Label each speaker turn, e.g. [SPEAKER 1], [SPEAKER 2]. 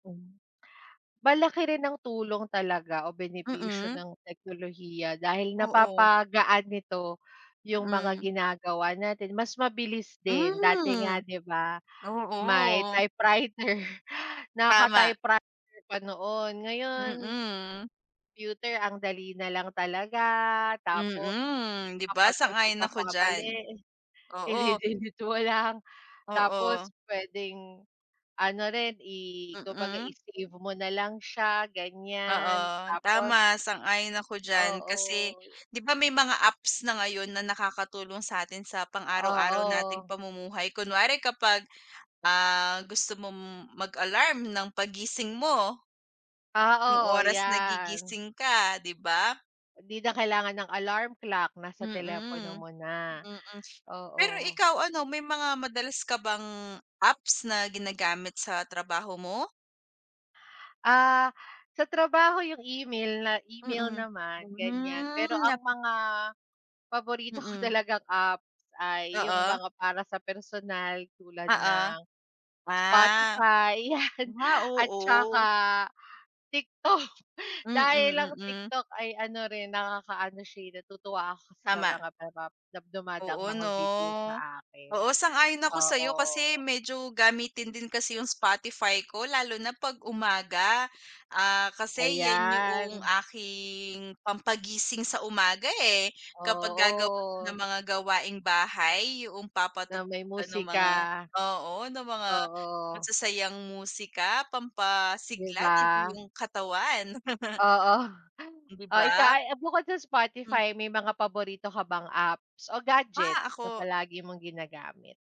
[SPEAKER 1] Malaki rin ang tulong talaga o benepisyo
[SPEAKER 2] Mm.
[SPEAKER 1] ng teknolohiya dahil
[SPEAKER 2] Oo.
[SPEAKER 1] napapagaan nito yung mga
[SPEAKER 2] Mm.
[SPEAKER 1] ginagawa natin mas mabilis din. Dati nga
[SPEAKER 2] Hmm.
[SPEAKER 1] 'di ba may
[SPEAKER 2] Oo.
[SPEAKER 1] typewriter
[SPEAKER 2] Tama.
[SPEAKER 1] naka-typewriter pa noon, ngayon
[SPEAKER 2] Mm.
[SPEAKER 1] computer ang dali nalang talaga, tapos
[SPEAKER 2] Mm, 'di
[SPEAKER 1] kapag
[SPEAKER 2] ba?
[SPEAKER 1] may
[SPEAKER 2] Sang-ayon ako
[SPEAKER 1] pagkakamali
[SPEAKER 2] diyan, oo.
[SPEAKER 1] idi-delete mo lang tapos
[SPEAKER 2] Oo.
[SPEAKER 1] puwedeng ano rin i kumbaga
[SPEAKER 2] Mm.
[SPEAKER 1] i-save mo na lang siya ganyan,
[SPEAKER 2] Oo,
[SPEAKER 1] tapos
[SPEAKER 2] tama sang-ayon ako diyan, kasi
[SPEAKER 1] Oo.
[SPEAKER 2] 'di ba may mga apps na ngayon na nakakatulong sa'tin sa pang araw-araw nating
[SPEAKER 1] Oo.
[SPEAKER 2] pamumuhay, kunwari kapag, ah, gusto mong mag-alarm ng paggising mo. Yung
[SPEAKER 1] Oo,
[SPEAKER 2] oras
[SPEAKER 1] 'yan.
[SPEAKER 2] nagigising ka, 'di ba?
[SPEAKER 1] 'Di na kailangan ng alarm clock, nasa telepono
[SPEAKER 2] Mm,
[SPEAKER 1] mo na,
[SPEAKER 2] mm. Pero
[SPEAKER 1] oo.
[SPEAKER 2] ikaw ano, may mga madalas ka bang apps na ginagamit sa trabaho mo?
[SPEAKER 1] Ah, sa trabaho yung email na email
[SPEAKER 2] Mm,
[SPEAKER 1] naman ganyan, pero
[SPEAKER 2] hmm
[SPEAKER 1] ang
[SPEAKER 2] nap
[SPEAKER 1] mga paborito ko
[SPEAKER 2] Mm.
[SPEAKER 1] talagang apps ay yung
[SPEAKER 2] Oo.
[SPEAKER 1] mga para sa personal tulad ng
[SPEAKER 2] Oo. Ah,
[SPEAKER 1] Spotify 'yan
[SPEAKER 2] ah,
[SPEAKER 1] at saka
[SPEAKER 2] oo.
[SPEAKER 1] TikTok.
[SPEAKER 2] Mm,
[SPEAKER 1] Dahil ang
[SPEAKER 2] mm.
[SPEAKER 1] TikTok ay ano rin nakakaano siya, eh, natutuwa ako kasi sa
[SPEAKER 2] Tama.
[SPEAKER 1] mga napap dumadaang
[SPEAKER 2] Oo
[SPEAKER 1] mga
[SPEAKER 2] 'no?
[SPEAKER 1] video sa akin,
[SPEAKER 2] Oo sang-ayon ako sa'yo kasi
[SPEAKER 1] oo.
[SPEAKER 2] medyo gamitin din kasi yung Spotify ko lalo na pag umaga. Ah, kasi 'yan yuong
[SPEAKER 1] Ayan.
[SPEAKER 2] aking pampagising sa umaga, eh, kapag gagawa na
[SPEAKER 1] Oo.
[SPEAKER 2] ng mga gawaing bahay yuong
[SPEAKER 1] Na
[SPEAKER 2] papatugtog
[SPEAKER 1] may
[SPEAKER 2] ka ng mga,
[SPEAKER 1] musika.
[SPEAKER 2] oo ng mga
[SPEAKER 1] Oo.
[SPEAKER 2] masasayang musika
[SPEAKER 1] 'Di
[SPEAKER 2] pampasigla ng
[SPEAKER 1] ba?
[SPEAKER 2] iyong katawan.
[SPEAKER 1] Oo.
[SPEAKER 2] 'Di
[SPEAKER 1] O ikaw,
[SPEAKER 2] ba?
[SPEAKER 1] ay, eh, bukod sa
[SPEAKER 2] Hmm.
[SPEAKER 1] Spotify may mga paborito ka bang apps o
[SPEAKER 2] Ah!
[SPEAKER 1] gadgets na
[SPEAKER 2] Ako.
[SPEAKER 1] palagi mong ginagamit?